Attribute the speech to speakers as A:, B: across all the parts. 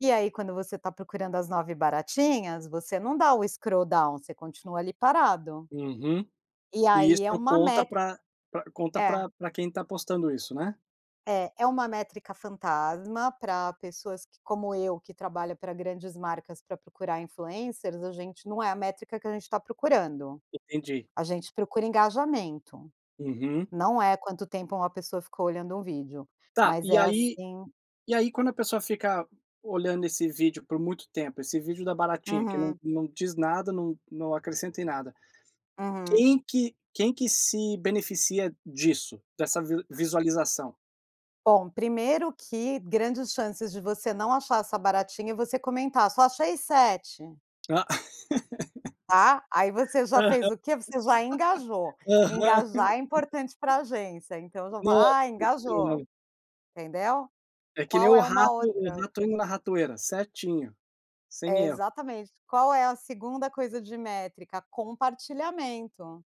A: E aí, quando você está procurando as 9 baratinhas, você não dá o scrolldown, você continua ali parado.
B: Uhum.
A: E
B: E
A: aí, é
B: isso
A: uma me
B: conta pra pra conta
A: É.
B: pra pra quem está postando isso, né?
A: É, é uma métrica fantasma para pessoas que, como eu, que trabalha para grandes marcas para procurar influencers, a gente não é a métrica que a gente está procurando.
B: Entendi.
A: A gente procura engajamento,
B: Uhum.
A: não é quanto tempo uma pessoa ficou olhando um vídeo.
B: Tá,
A: Mas
B: e
A: é
B: aí
A: assim
B: e aí quando a pessoa fica olhando esse vídeo por muito tempo, esse vídeo da baratinha, que não
A: Uhum.
B: não diz nada, não não acrescenta em nada.
A: Uhum.
B: Quem que quem que se beneficia disso, dessa vi visualização?
A: Bom, 1º que grandes chances de você não achar essa baratinha e você comentar: "Só achei 7".
B: Ah!
A: Tá, aí você já fez
B: Aham.
A: o quê? Você já engajou.
B: Aham.
A: Engajar é importante pra agência, então eu já falo: "Ah,
B: Nossa
A: engajou",
B: senhora!
A: entendeu?
B: É que nem
A: Qual
B: o
A: é uma
B: rato o
A: outra
B: rato indo na ratoeira, certinho,
A: É
B: sem erro.
A: exatamente. Qual é a 2ª coisa de métrica: compartilhamento.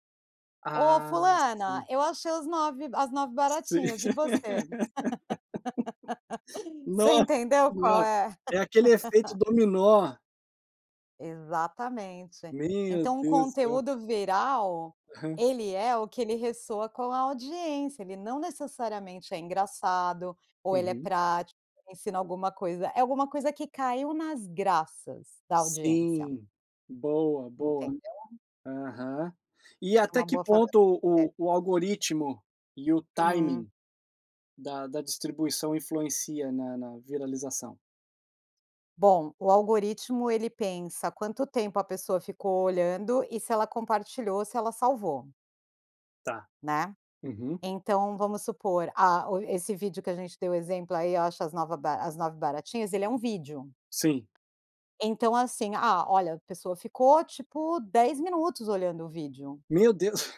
A: "Ô
B: Ah,
A: fulana,
B: sim.
A: eu achei os nove as nove
B: Sim.
A: baratinhas e você?" Você
B: Nossa
A: entendeu qual
B: senhora.
A: é?
B: É aquele efeito dominó.
A: Exatamente.
B: Meu
A: Então, um
B: Deus do
A: conteúdo viral
B: Aham.
A: ele é o que ele ressoa com a audiência. Ele não necessariamente é engraçado ou ele é
B: Uhum.
A: prático, ensina alguma coisa. É alguma coisa que caiu nas graças da audiência.
B: Sim. Boa, boa.
A: Entendeu?
B: Aham. E
A: Essa é
B: até
A: uma
B: que
A: boa forma
B: ponto
A: de se vê.
B: o o algoritmo e o
A: Uhum.
B: timing da da distribuição influencia na na viralização?
A: Bom, o algoritmo, ele pensa quanto tempo a pessoa ficou olhando e se ela compartilhou, se ela salvou.
B: Tá,
A: Né?
B: uhum.
A: Então vamos supor, ah, o esse vídeo que a gente deu o exemplo, aí, "ache as nova ba as 9 baratinhas", ele é um vídeo.
B: Sim.
A: Então assim: "Ah, olha, a pessoa ficou, tipo, 10 minutos olhando o vídeo".
B: Meu Deus!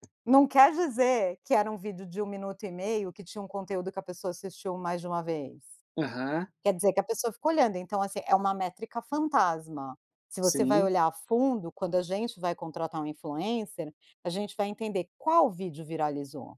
A: Não quer dizer que era um vídeo de 1 minuto e meio que tinha um conteúdo que a pessoa assistiu mais de uma vez.
B: Aham.
A: Quer dizer que a pessoa fica olhando. Então, assim, é uma métrica fantasma. Se você vai
B: Sim.
A: olhar a fundo, quando a gente vai contratar um influencer, a gente vai entender: qual vídeo viralizou?